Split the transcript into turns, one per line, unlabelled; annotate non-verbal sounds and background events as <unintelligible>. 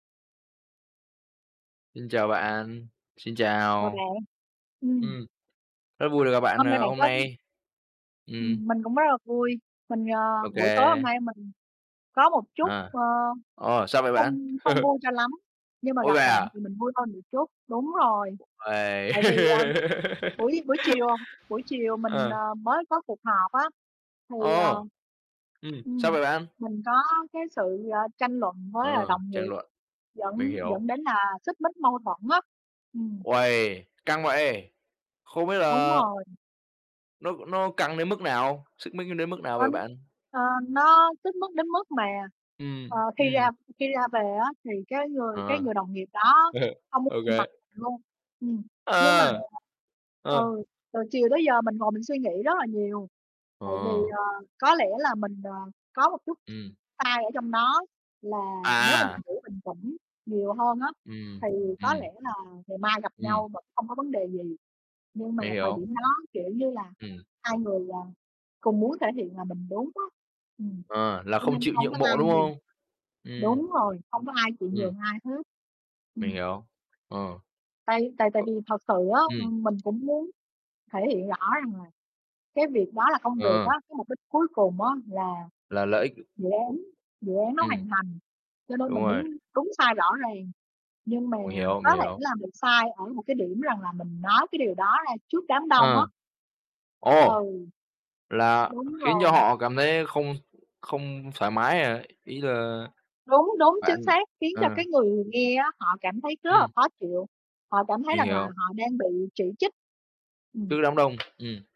Xin chào bạn, xin
Chào
chào.
bạn. Ừm.
Ừm, rất vui được gặp bạn,
Hôm nay
à,
bạn
hôm
có
nay. Ừm.
Ừm, mình cũng rất là vui, mình, ờ,
Ô
buổi tối
kê.
hôm nay mình có một chút,
À,
ờ,
ờ, sao vậy bạn?
không không
<laughs>
vui cho lắm, nhưng mà
Ôi,
gặp
vậy
bạn
à?
thì mình vui hơn được chút, đúng rồi,
Uầy.
tại vì, à, buổi buổi chiều, à, buổi chiều
<laughs>
mình,
Ờ.
ờ, mới có cuộc họp á thì, à,
Ồ. Ừm, sao
ừm,
vậy bạn?
mình có cái sự, ờ, tranh luận với, à,
Ờ,
đồng
tranh
nghiệp
luận. Mình
dẫn
hiểu.
dẫn đến là xích mích, mâu thuẫn á. Ừm.
Uầy, căng vậy? Không biết
Đúng
là
rồi.
nó nó căng đến mức nào, xích mích nó đến mức nào vậy
<unintelligible>
bạn?
Ờ, nó xích mích mức đến mức mà, ờ,
Ừm,
khi ra
ừm.
khi ra về á thì cái người cái
Ờ.
người đồng nghiệp đó
<chuckles>
không muốn
Ô
nhìn
kê.
mặt luôn, ừm, nhưng mà,
Ờ. Ờ.
ừ, từ chiều tới giờ mình ngồi mình suy nghĩ rất là nhiều, tại vì,
Ờ.
ờ, có lẽ là mình, ờ, có một chút s
Ừm.
sai ở trong đó là nếu mà
À, à.
mình đủ bình tĩnh nhiều hơn á
Ừm,
thì có
ừm.
lẽ là ngày mai gặp
Ừm.
nhau vẫn không có vấn đề gì nhưng mà
Mình
thời
hiểu.
điểm đó, kiểu như là,
Ừm.
2 người, à, cùng muốn thể hiện là mình đúng á, ừm,
Ờ, là
cho
không
nên
chịu
không
nhượng
có
bộ,
ai
đúng
nhường.
không? Ừm.
Đúng rồi, không có ai chịu
Ừm.
nhường ai hết.
Mình
Ừm.
hiểu. Ờ.
Tại tại tại
Cậu
vì thật sự á,
ừm.
ừm, mình cũng muốn thể hiện rõ rằng là cái việc đó là công việc á,
Ờ.
cái mục đích cuối cùng á là
Là lợi ích,
dự
ồ.
án dự án nó
Ừm.
hoàn thành cho nên
Đúng
mình đếm
rồi.
đúng sai rõ ràng, nhưng mà
Mình hiểu,
có
mình
thể
hiểu.
là mình sai ở một cái điểm rằng là mình nói cái điều đó ra trước đám đông á.
Ờ. Ồ!
Ừ.
Là
Đúng
khiến cho
rồi.
họ cảm thấy không không thoải mái à? Ý là
Đúng, đúng,
bạn
chính xác, khiến cho
à.
cái người nghe á, họ cảm thấy rất là
Ừm.
khó chịu, họ cảm thấy
Mình
rằng là
hiểu.
họ đang bị chỉ trích. Ừm.
Trước đám đông, ừm.